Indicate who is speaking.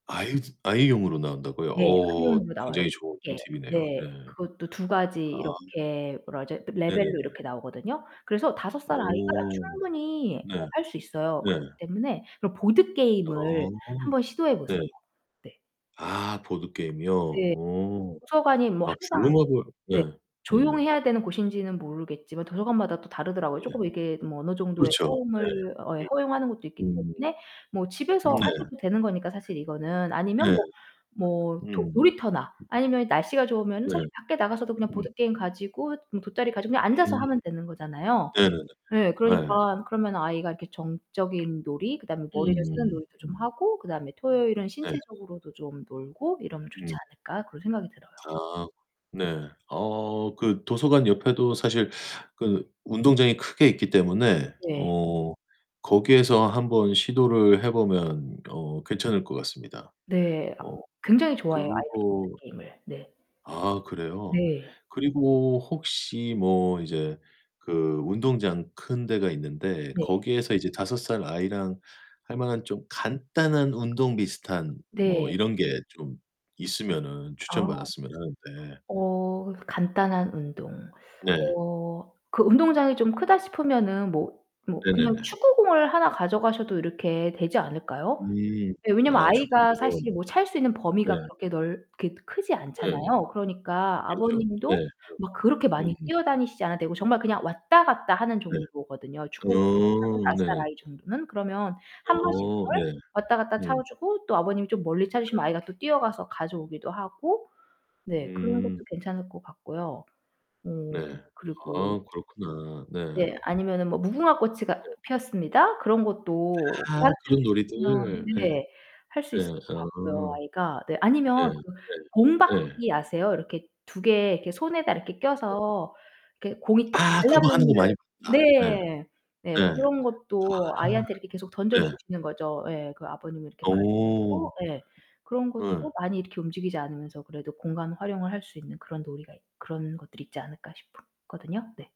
Speaker 1: 아이드 아이용으로 나온다고요?
Speaker 2: 네.
Speaker 1: 오,
Speaker 2: 아이용으로 나와요,
Speaker 1: 굉장히 좋은
Speaker 2: 쉽게.
Speaker 1: 팁이네요. 네.
Speaker 2: 네. 그것도 2 가지
Speaker 1: 아.
Speaker 2: 이렇게 뭐라 그러죠? 레벨로
Speaker 1: 네네네.
Speaker 2: 이렇게 나오거든요. 그래서 5 살 아이가
Speaker 1: 오
Speaker 2: 충분히
Speaker 1: 네.
Speaker 2: 어 할 수 있어요.
Speaker 1: 네.
Speaker 2: 그렇기 때문에 그런 보드게임을
Speaker 1: 아,
Speaker 2: 한번 시도해
Speaker 1: 네.
Speaker 2: 보세요. 네.
Speaker 1: 아, 보드게임이요.
Speaker 2: 네.
Speaker 1: 오.
Speaker 2: 도서관이 뭐
Speaker 1: 아.
Speaker 2: 항상
Speaker 1: 부르마블 네.
Speaker 2: 네.
Speaker 1: 네.
Speaker 2: 조용히 해야 되는 곳인지는 모르겠지만 도서관마다 또 다르더라고요.
Speaker 1: 네.
Speaker 2: 쪼끔 이게 뭐 어느 정도의
Speaker 1: 그렇죠.
Speaker 2: 소음을 어
Speaker 1: 네.
Speaker 2: 허용하는 것도 있기
Speaker 1: 음.
Speaker 2: 때문에 뭐 집에서
Speaker 1: 음. 네.
Speaker 2: 하셔도 되는 거니까, 사실 이거는. 아니면
Speaker 1: 네.
Speaker 2: 뭐 뭐 토
Speaker 1: 음.
Speaker 2: 놀이터나 아니면 날씨가 좋으면은
Speaker 1: 네.
Speaker 2: 사실 밖에 나가서도 그냥
Speaker 1: 음.
Speaker 2: 보드게임 가지고 돗자리 가지고 그냥 앉아서
Speaker 1: 음.
Speaker 2: 하면 되는 거잖아요.
Speaker 1: 네네네.
Speaker 2: 네,
Speaker 1: 예.
Speaker 2: 그러니까 그러면 아이가 이렇게 정적인 놀이, 그다음에 머리를 쓰는
Speaker 1: 음.
Speaker 2: 놀이도 좀 하고 그다음에 토요일은
Speaker 1: 네.
Speaker 2: 신체적으로도 좀 놀고 '이러면 좋지
Speaker 1: 음.
Speaker 2: 않을까' 그런 생각이 들어요.
Speaker 1: 아, 네. 어 그 도서관 옆에도 사실 그 운동장이 크게 있기 때문에
Speaker 2: 네네.
Speaker 1: 어 거기에서 한번 시도를 해 보면 어 괜찮을 것 같습니다.
Speaker 2: 네,
Speaker 1: 어
Speaker 2: 굉장히 좋아해요. 아이들이
Speaker 1: 그거
Speaker 2: 그 게임을 네.
Speaker 1: 아, 그래요?
Speaker 2: 네.
Speaker 1: 그리고 혹시 뭐 이제 그 운동장 큰 데가 있는데
Speaker 2: 네.
Speaker 1: 거기에서 이제 5 살 아이랑 할만한 좀 간단한 운동 비슷한 뭐
Speaker 2: 네.
Speaker 1: 이런 게 좀 있으면
Speaker 2: 아
Speaker 1: 추천받았으면 하는데.
Speaker 2: 어 간단한 운동.
Speaker 1: 네.
Speaker 2: 어 그 운동장이 좀 크다 싶으면은 뭐 뭐 그냥
Speaker 1: 네네네.
Speaker 2: 축구공을 하나 가져가셔도 이렇게 되지 않을까요?
Speaker 1: 음
Speaker 2: 네, 왜냐면
Speaker 1: 아
Speaker 2: 아이가
Speaker 1: 축구공이.
Speaker 2: 사실 뭐 찰 수 있는
Speaker 1: 네.
Speaker 2: 범위가 그렇게 넓 그렇게 크지
Speaker 1: 네.
Speaker 2: 않잖아요. 그러니까
Speaker 1: 그렇죠.
Speaker 2: 아버님도
Speaker 1: 네
Speaker 2: 막 그렇게
Speaker 1: 그죠.
Speaker 2: 많이
Speaker 1: 음.
Speaker 2: 뛰어다니시지 않아도 되고 정말 그냥 왔다 갔다 하는
Speaker 1: 네.
Speaker 2: 정도거든요. 축구 [unintelligible]
Speaker 1: 어
Speaker 2: 5 살
Speaker 1: 네네.
Speaker 2: 아이 정도는. 그러면 1 번씩
Speaker 1: 어, 네.
Speaker 2: 그걸 왔다 갔다 차
Speaker 1: 음.
Speaker 2: 주고 또 아버님이 좀 멀리 차
Speaker 1: 네.
Speaker 2: 주시면 아이가 또 뛰어가서 가져오기도 하고 네 그런 것도
Speaker 1: 음.
Speaker 2: 괜찮을 것 같고요. 어
Speaker 1: 네.
Speaker 2: 그리고
Speaker 1: 아, 그렇구나.
Speaker 2: 네.
Speaker 1: 네.
Speaker 2: 아니면은 뭐 무궁화 꽃이가
Speaker 1: 네.
Speaker 2: 피었습니다. 그런 것도
Speaker 1: 아,
Speaker 2: 가르쳐
Speaker 1: 그런 놀이들.
Speaker 2: 주시면
Speaker 1: 네.
Speaker 2: 네, 할 수
Speaker 1: 네
Speaker 2: 있을 것 같고요
Speaker 1: 아.
Speaker 2: 아이가. 네. 아니면
Speaker 1: 네.
Speaker 2: 그 공
Speaker 1: 네. 예.
Speaker 2: 받기 아세요? 이렇게 2 개 이렇게 손에다 이렇게
Speaker 1: 네.
Speaker 2: 껴서 이렇게 공이 딱
Speaker 1: 아, 그거 하는
Speaker 2: 달라붙는
Speaker 1: 거 많이 봤다.
Speaker 2: 네. 네.
Speaker 1: 네. 네.
Speaker 2: 그런 것도
Speaker 1: 아.
Speaker 2: 아이한테 이렇게 계속 던져
Speaker 1: 네.
Speaker 2: 주시는 거죠. 예, 그 아버님이 이렇게 봐
Speaker 1: 오.
Speaker 2: 주시고 예 그런 것도
Speaker 1: 네.
Speaker 2: 많이 이렇게 움직이지 않으면서 그래도 공간 활용을 할 수 있는 그런 놀이가 있 그런 것들이 있지 않을까 싶었거든요. 네.